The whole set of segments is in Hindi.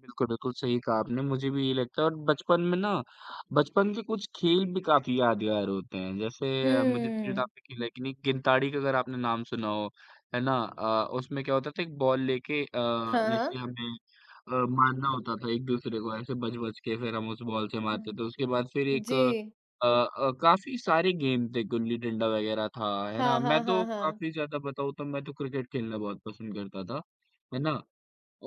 बिल्कुल, बिल्कुल। सही कहा आपने, मुझे भी यही लगता है और बचपन में ना बचपन के कुछ खेल भी काफ़ी यादगार होते हैं, जैसे मुझे हुँ। [unintelligible] गिनताड़ी का अगर आपने नाम सुना हो, है ना? अ, उसमें क्या होता था एक बॉल लेके अ, हाँ, जैसे हाँ। हमें अ, मारना होता था एक-दूसरे को, ऐसे बच-बच के, फिर हम उस बॉल से मारते हाँ। थे। उसके बाद फिर एक अ जी। अ, काफ़ी सारे गेम थे, गुल्ली-डंडा वग़ैरह था, है ना? हाँ, मैं हाँ, हाँ, तो हाँ। काफ़ी ज़्यादा बताऊँ तो मैं तो क्रिकेट खेलना बहुत पसंद करता था, है ना?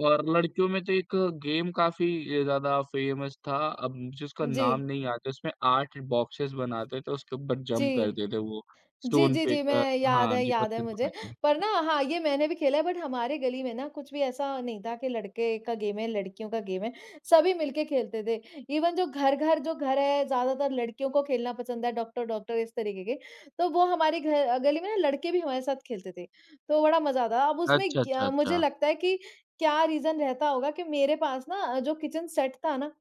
और लड़कियों में तो एक गेम काफ़ी अ, ज़्यादा फ़ेमस था, अब मुझे उसका नाम जी। नहीं याद है, उसमें 8 बॉक्सेज बनाते थे, उसके ऊपर जंप जी। करते थे वो, जी, स्टोन जी, जी। फेंक अ, मैं याद हाँ है जी, याद है पत्थर को मुझे फेंकते थे। पर ना हाँ, ये मैंने भी खेला है बट हमारे गली में ना कुछ भी ऐसा नहीं था कि लड़के का गेम है, लड़कियों का गेम है, सभी मिलके खेलते थे। इवेन जो घर-घर जो घर है, ज़्यादातर लड़कियों को खेलना पसंद है, डॉक्टर-डॉक्टर इस तरीके के, तो वो हमारे घ गली में ना लड़के भी हमारे साथ खेलते थे, तो बड़ा मज़ा आता था। अब उसमें अच्छा, अच्छा, क्या मुझे अच्छा। लगता है कि क्या रीजन रहता होगा कि मेरे पास ना अ, जो किचन सेट था ना,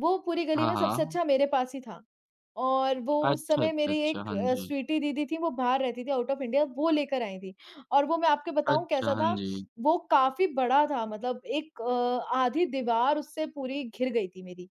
वो पूरी गली हाँ, में सबसे हाँ। अच्छा मेरे पास ही था और वो उस अच्छा, समय अच्छा, मेरी अच्छा। एक हाँ अ, जी। स्वीटी दीदी थी, वो बाहर रहती थी, आउट ऑफ़ इंडिया, वो ले कर आईं थी और वो मैं आपको बताऊँ अच्छा। कैसा हाँ था, जी। वो काफ़ी बड़ा था मतलब एक अ, आधी दीवार उससे पूरी घिर गई थी मेरी।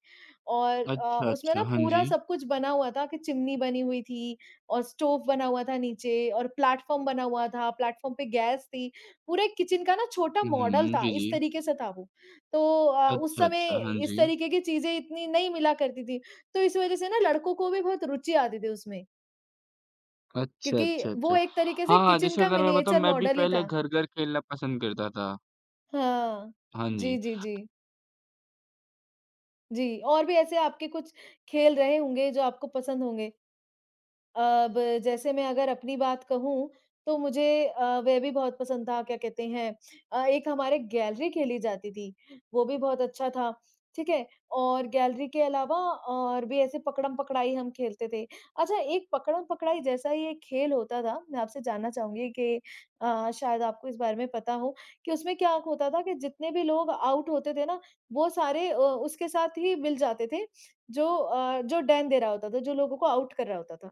और अ, अच्छा, उसमें अच्छा। ना हाँ पूरा जी। सब कुछ बना हुआ था कि चिमनी बनी हुई थी और स्टोव बना हुआ था नीचे और प्लेटफॉर्म बना हुआ था, प्लेटफॉर्म पे गैस थी। पूरे किचन का ना छोटा हुँ, मॉडल हुँ। था, जी, इस जी। तरीके से था वो, तो अ, उस अच्छा, समय अच्छा। हाँ इस जी। तरीके की चीज़ें इतनी नहीं मिला करती थी, तो इस वज़ह से ना लड़कों को भी बहुत रूचि आती थी उसमें। अच्छा, क्योंकि अच्छा, वो अच्छा। एक तरीके से हाँ, हाँ, किचन जैसे का अगर मैं बताऊँ मिनिएचर मैं भी मॉडल ही पहले था। घर-घर खेलना पसंद करता था। हाँ। हाँ जी, जी। जी, जी। जी। और भी ऐसे आपके कुछ खेल रहे होंगे जो आपको पसंद होंगे? अब जैसे मैं अगर अपनी बात कहूँ तो मुझे अ, वह भी बहुत पसंद था, क्या कहते हैं अ, एक हमारे गैलरी खेली जाती थी, वो भी बहुत अच्छा था, ठीक है। और गैलरी के अलावा और भी ऐसे पकड़म-पकड़ाई हम खेलते थे। अच्छा, एक पकड़म-पकड़ाई जैसा ही एक खेल होता था, मैं आपसे जानना चाहूँगी कि अ, शायद आपको इस बारे में पता हो कि उसमें क्या खोता था कि जितने भी लोग आउट होते थे ना वो सारे अ, उसके साथ ही मिल जाते थे, जो अ, जो डेन दे रहा होता था जो लोगों को आउट कर रहा होता था।